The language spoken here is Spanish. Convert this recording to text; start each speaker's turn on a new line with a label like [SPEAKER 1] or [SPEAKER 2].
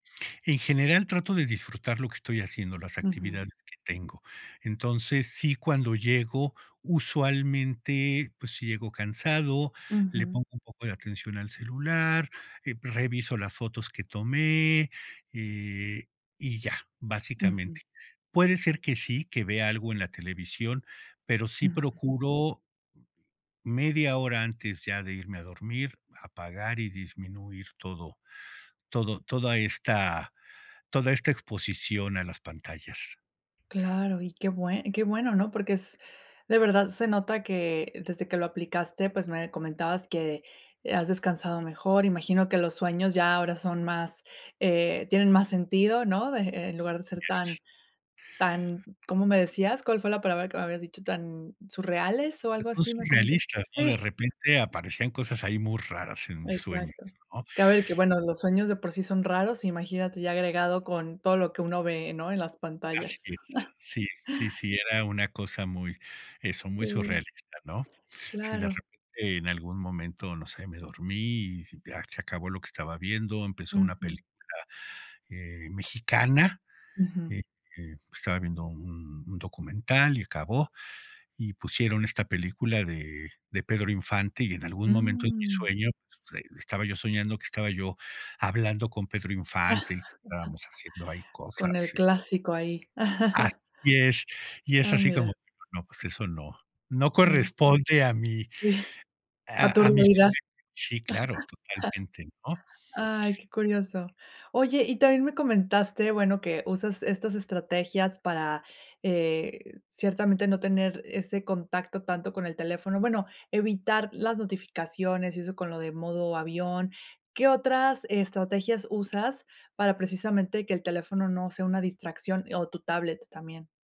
[SPEAKER 1] En general, trato de disfrutar lo que estoy haciendo, las
[SPEAKER 2] Ujú.
[SPEAKER 1] actividades que tengo. Entonces, sí, cuando llego, usualmente, pues, si llego cansado, le
[SPEAKER 2] Ujú.
[SPEAKER 1] pongo un poco de atención al celular, eh, pues, reviso las fotos que tomé, eh, y ya,
[SPEAKER 2] Ujú.
[SPEAKER 1] básicamente. Puede ser que sí, que vea algo en la televisión, pero sí
[SPEAKER 2] [unintelligible]
[SPEAKER 1] procuro, media hora antes ya de irme a dormir, apagar y disminuir todo. Todo toda esta, toda esta exposición a las pantallas.
[SPEAKER 2] Claro, y qué bueno y qué bueno, ¿no? Porque es de verdad se nota que desde que lo aplicaste, pues me comentabas que, eh, has descansado mejor. Imagino que los sueños ya ahora son más, eh, tienen más sentido, ¿no? De e en lugar de ser tan,
[SPEAKER 1] Yes.
[SPEAKER 2] tan, ¿cómo me decías?, ¿cuál fue la palabra que me habías dicho?, ¿tan surreales o
[SPEAKER 1] Pues
[SPEAKER 2] algo
[SPEAKER 1] no
[SPEAKER 2] así,
[SPEAKER 1] son
[SPEAKER 2] me comentaste?
[SPEAKER 1] realistas, ¿no? De
[SPEAKER 2] Sí.
[SPEAKER 1] repente aparecen cosas ahí muy raras en mis sueños,
[SPEAKER 2] Exacto.
[SPEAKER 1] ¿no?
[SPEAKER 2] Cabe de que, bueno, los sueños de por sí son raros, imagínate ya agregado con todo lo que uno ve, ¿no? En las
[SPEAKER 1] Así
[SPEAKER 2] pantallas.
[SPEAKER 1] es, sí, sí, sí, era una cosa muy, eso, muy
[SPEAKER 2] Sí.
[SPEAKER 1] surrealista, ¿no? Sí, de
[SPEAKER 2] Claro.
[SPEAKER 1] repente en algún momento, no sé, me dormí, y ya se acabó lo que estaba viendo, empezó una
[SPEAKER 2] Ujú.
[SPEAKER 1] película, eh, mexicana,
[SPEAKER 2] Ujú.
[SPEAKER 1] eh, pues, estaba viendo un un documental y acabó, y pusieron esta película de de Pedro Infante, y en algún momento en mi
[SPEAKER 2] Mm.
[SPEAKER 1] sueño, pues, ahí estaba yo soñando, que estaba yo hablando con Pedro Infante y que estábamos haciendo ahí
[SPEAKER 2] Con
[SPEAKER 1] cosas,
[SPEAKER 2] el
[SPEAKER 1] sí.
[SPEAKER 2] clásico ahí.
[SPEAKER 1] Así es, y es
[SPEAKER 2] Ah,
[SPEAKER 1] así como
[SPEAKER 2] mira.
[SPEAKER 1] no, pues eso no, no
[SPEAKER 2] No.
[SPEAKER 1] corresponde a mí.
[SPEAKER 2] Sí. A tu
[SPEAKER 1] A a mis
[SPEAKER 2] realidad.
[SPEAKER 1] [unintelligible] Sí, claro, totalmente, ¿no?
[SPEAKER 2] Ay, qué curioso. Oye, y también me comentaste, bueno, que usas estas estrategias para, eh, ciertamente no tener ese contacto tanto con el teléfono, bueno, evitar las notificaciones y eso con lo de modo avión. ¿Qué otras estrategias usas para precisamente que el teléfono no sea una distracción, o tu tablet también?